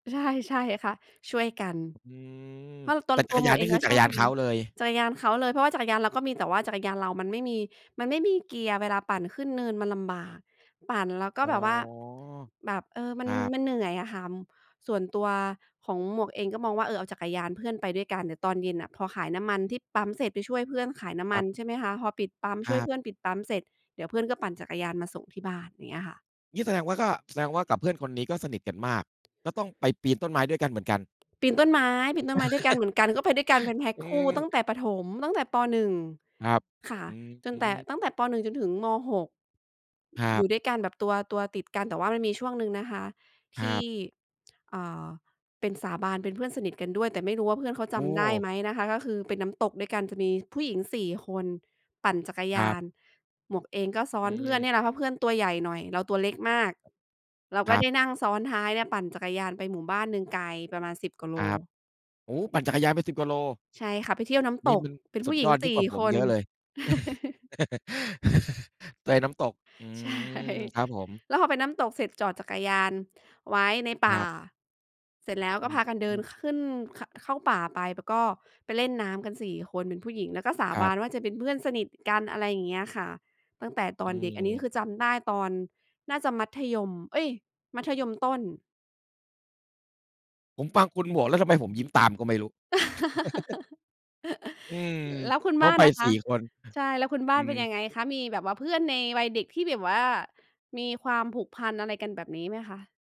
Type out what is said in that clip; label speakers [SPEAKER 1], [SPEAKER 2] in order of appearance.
[SPEAKER 1] ใช่ ๆ ค่ะ ช่วยกัน
[SPEAKER 2] อืม
[SPEAKER 1] เพราะต
[SPEAKER 2] แ
[SPEAKER 1] อ
[SPEAKER 2] ต่
[SPEAKER 1] น
[SPEAKER 2] จั
[SPEAKER 1] ตั
[SPEAKER 2] ก
[SPEAKER 1] ว
[SPEAKER 2] ร
[SPEAKER 1] ห
[SPEAKER 2] ย
[SPEAKER 1] ม
[SPEAKER 2] า
[SPEAKER 1] ว
[SPEAKER 2] น
[SPEAKER 1] ก
[SPEAKER 2] น
[SPEAKER 1] เ
[SPEAKER 2] ี
[SPEAKER 1] อ
[SPEAKER 2] ่
[SPEAKER 1] ง
[SPEAKER 2] คื
[SPEAKER 1] ก
[SPEAKER 2] อ
[SPEAKER 1] ็
[SPEAKER 2] จั
[SPEAKER 1] ช
[SPEAKER 2] กร
[SPEAKER 1] อบ
[SPEAKER 2] ยา
[SPEAKER 1] ท
[SPEAKER 2] นเขาเลย
[SPEAKER 1] ำ จักรยานเขาเลย เพราะว่าจักรยานเราก็มี แต่ว่าจักรยานเรามันไม่มี มันไม่มีเกียร์ เวลาปั่นขึ้นเนินมันลำบาก ปั่นแล้วก็
[SPEAKER 2] อ๋
[SPEAKER 1] แบ
[SPEAKER 2] อ
[SPEAKER 1] บว่า แบบ เออ ม
[SPEAKER 2] ค
[SPEAKER 1] ัน
[SPEAKER 2] รับ
[SPEAKER 1] มันเหนื่อยอะค่ะ ส่วนตัวของหมวกเองก็มองว่า เออ เอาจักรยานเพื่อนไปด้วยกัน เดี๋ยวตอนเย็นน่ะ พอขายน้ำมันที่ปั๊มเสร็จ ไปช่วยเพื่อนขายน้ำ
[SPEAKER 2] ค
[SPEAKER 1] ม
[SPEAKER 2] ร
[SPEAKER 1] ั
[SPEAKER 2] ั
[SPEAKER 1] น
[SPEAKER 2] บ
[SPEAKER 1] ใช่ไหมคะ พอปิดปั๊ม ช
[SPEAKER 2] ค
[SPEAKER 1] ่
[SPEAKER 2] ร
[SPEAKER 1] วย
[SPEAKER 2] ั
[SPEAKER 1] เพ
[SPEAKER 2] บ
[SPEAKER 1] ื่อนปิดปั๊มเสร็จ เดี๋ยวเพื่อนก็ปั่นจักรยานมาส่งที่บ้าน อย่างเงี้ยค่ะ
[SPEAKER 2] งี้แสดงว่าก็ แสดงว่ากับเพื่อนคนนี้ก็สนิทกันมาก ก็ต้องไปปีนต้นไม้ด้วยกันเหมือนกัน
[SPEAKER 1] ปีนต้นไม้ ปีนต้นไม้ด้วยกัน เหมือนกัน ก็ไปด้วยกันเป็นแพ็ก
[SPEAKER 2] อื
[SPEAKER 1] คู่ตั้ง
[SPEAKER 2] ม
[SPEAKER 1] แต่ประถม ตั้งแต่ ป. 1
[SPEAKER 2] ครับ
[SPEAKER 1] ค่ะ
[SPEAKER 2] อืม
[SPEAKER 1] จ
[SPEAKER 2] อ
[SPEAKER 1] น
[SPEAKER 2] ื
[SPEAKER 1] แต่ ต
[SPEAKER 2] ม
[SPEAKER 1] ั้งแต่ ป. 1 จนถึง ม. 6
[SPEAKER 2] ครั
[SPEAKER 1] อย
[SPEAKER 2] บ
[SPEAKER 1] ู่ด้วยกันแบบตัว ตัวติดกัน แต่ว่ามันมีช่วงหนึ่งนะคะท
[SPEAKER 2] คร
[SPEAKER 1] ี
[SPEAKER 2] ั
[SPEAKER 1] ่
[SPEAKER 2] บ
[SPEAKER 1] อ่า เป็นสาบาน เป็นเพื่อนสนิทกันด้วย แต่ไม่รู้ว่าเพื่อนเขาจ
[SPEAKER 2] โอ
[SPEAKER 1] ำได้
[SPEAKER 2] ้!
[SPEAKER 1] ไหมนะคะ ก็คือเป็นน้ำตกด้วยกัน จะมีผู้หญิง 4 คน ปั่นจักรย
[SPEAKER 2] คร
[SPEAKER 1] า
[SPEAKER 2] ับ
[SPEAKER 1] น หมวกเองก็ซ้
[SPEAKER 2] อ
[SPEAKER 1] อ
[SPEAKER 2] ื
[SPEAKER 1] นเพื่อน
[SPEAKER 2] ม
[SPEAKER 1] เนี่ยแหละ เพราะเพื่อนตัวใหญ่หน่อย เราตัวเล็กมาก เรา
[SPEAKER 2] ค
[SPEAKER 1] ก็
[SPEAKER 2] รั
[SPEAKER 1] ได
[SPEAKER 2] บ
[SPEAKER 1] ้นั่งซ้อนท้ายเนี่ย ปั่นจักรยานไปหมู่บ้านหนึ่งไกลประมาณ 10 กว่าโ
[SPEAKER 2] ค
[SPEAKER 1] ล
[SPEAKER 2] รับ โอ้โฮ! ปั่นจักรยานไป 10 กว่าโล
[SPEAKER 1] ใช่ค่ะ ไปเที่ยวน้ำต
[SPEAKER 2] นี่
[SPEAKER 1] ก
[SPEAKER 2] มัน
[SPEAKER 1] เป็น
[SPEAKER 2] ส
[SPEAKER 1] ผ
[SPEAKER 2] ุ
[SPEAKER 1] ู้
[SPEAKER 2] ด
[SPEAKER 1] หญิ
[SPEAKER 2] ย
[SPEAKER 1] ง
[SPEAKER 2] อดย
[SPEAKER 1] ส
[SPEAKER 2] ิ่
[SPEAKER 1] ี่
[SPEAKER 2] งกว่าผ
[SPEAKER 1] ค
[SPEAKER 2] มเ
[SPEAKER 1] น
[SPEAKER 2] ยอะเลย เตยน้ำตก อื
[SPEAKER 1] ใช่
[SPEAKER 2] ม ครับผม
[SPEAKER 1] แล้วพอไปน้ำตกเสร็จ จอดจักรยานไว้ในป
[SPEAKER 2] ค
[SPEAKER 1] ่
[SPEAKER 2] ร
[SPEAKER 1] า
[SPEAKER 2] ับ
[SPEAKER 1] เสร็จแล้ว
[SPEAKER 2] อ
[SPEAKER 1] ก
[SPEAKER 2] ื
[SPEAKER 1] ็
[SPEAKER 2] ม
[SPEAKER 1] พากันเ
[SPEAKER 2] อ
[SPEAKER 1] ด
[SPEAKER 2] ื
[SPEAKER 1] ิน
[SPEAKER 2] ม
[SPEAKER 1] ขึ้น ข เข้าป่าไป แล้วก็ไปเล่นน้ำกัน 4 คนเป็นผู้หญิง แล้วก็สา
[SPEAKER 2] คร
[SPEAKER 1] บ
[SPEAKER 2] ั
[SPEAKER 1] า
[SPEAKER 2] บ
[SPEAKER 1] นว่าจะเป็นเพื่อนสนิทกัน อะไรอย่างเงี้ยค่ะ ตั้งแต่ต
[SPEAKER 2] อ
[SPEAKER 1] อ
[SPEAKER 2] ื
[SPEAKER 1] นเด็ก อันนี้คือ
[SPEAKER 2] ม
[SPEAKER 1] จำได้ตอนน่าจะมัธยม เอ๊ย! มัธยมต้น
[SPEAKER 2] ผมฟังคุณหมวกแล้วทำไมผมยิ้มตามก็ไม่รู้ อืม
[SPEAKER 1] แล้วคุณ
[SPEAKER 2] เข
[SPEAKER 1] บ
[SPEAKER 2] ้
[SPEAKER 1] ้
[SPEAKER 2] า
[SPEAKER 1] าน
[SPEAKER 2] ไป
[SPEAKER 1] ล่ะค
[SPEAKER 2] สี
[SPEAKER 1] ะ
[SPEAKER 2] ่ คน
[SPEAKER 1] ใช่ แล้วคุณบ้
[SPEAKER 2] อ
[SPEAKER 1] า
[SPEAKER 2] ื
[SPEAKER 1] นเป็
[SPEAKER 2] ม
[SPEAKER 1] นยังไงคะ? มีแบบว่าเพื่อนในวัยเด็กที่แบบว่ามีความผูกพันอะไรกันแบบนี้ไหมคะ?